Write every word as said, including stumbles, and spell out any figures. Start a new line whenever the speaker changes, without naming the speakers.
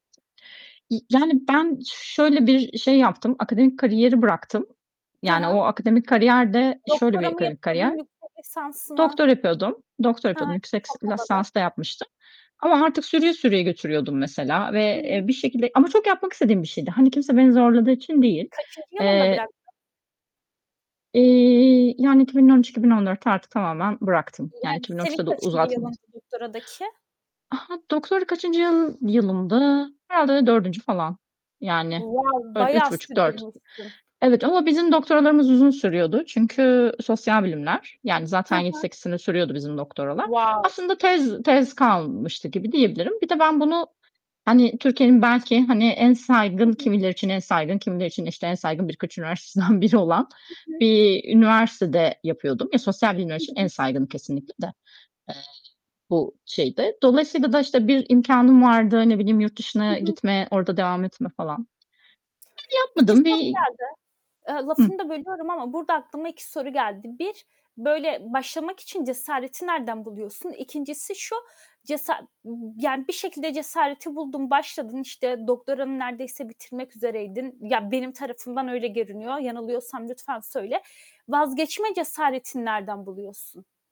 Y yani ben şöyle bir i şey yaptım, akademik kariyeri bıraktım.
Hı
Yani o
hı.
akademik kariyer de şöyle
Doktora
bir
mı
kari
yapıyordun
kariyer.
yüksek lisans mı?
Doktora yapıyordum. Doktora
Hı hı.
yapıyordum. Yüksek
Çok
s
havalı.
lasans da yapmıştım ama artık sürüye sürüye götürüyordum mesela ve,
[unintelligible]
eee, bir şekilde ama çok yapmak istediğim bir şeydi. Hani kimse beni zorladığı için değil.
Kaçıncı yılında
Eee
bıraktın?
İii, yani iki bin on üç iki bin on dörtte artık tamamen bıraktım. Yani
Yani
iki bin on
senin
üçte de
kaçıncı
uzatmadım.
yılındı doktoradaki?
A ha, doktorada kaçıncı yıl yılımdı? Herhâlde dördüncü falan. Yani
Wow!
öyle
Bayağı
üç buçuk dört.
sürdürmüşün.
Evet ama bizim doktoralarımız uzun sürüyordu. Çünkü sosyal bilimler, yani,
Hı
zaten yedi
hı.
sekiz sene sürüyordu bizim doktoralar.
Wow!
Aslında tez tez kalmıştı gibi diyebilirim. Bir de ben bunu, hani Türkiye’nin belki hani en
Hı
saygın,
hı.
kimileri için en saygın, kimileri için işte en saygın birkaç üniversitesinden biri olan
Hı hı.
bir üniversitede yapıyordum. Ya sosyal bilimler
Hı
için en
hı.
saygını kesinlikle de. Eee, bu şeydi. Dolayısıyla da işte bir imkânım vardı. Ne bileyim yurt
Hı
dışına
hı.
gitme, orada devam etme falan. Ben
İki
yapmadım.
soru
Bir
geldi. Iıı, lafını
Hı
da bölüyorum ama burada aklıma iki soru geldi. bir böyle başlamak için cesareti nereden buluyorsun? ikincisi şu, cesa yani bir şekilde cesareti buldun, başladın, işte doktoranı neredeyse bitirmek üzereydin. Ya benim tarafımdan öyle görünüyor. Yanılıyorsam lütfen söyle. Vazgeçme cesaretini nereden buluyorsun?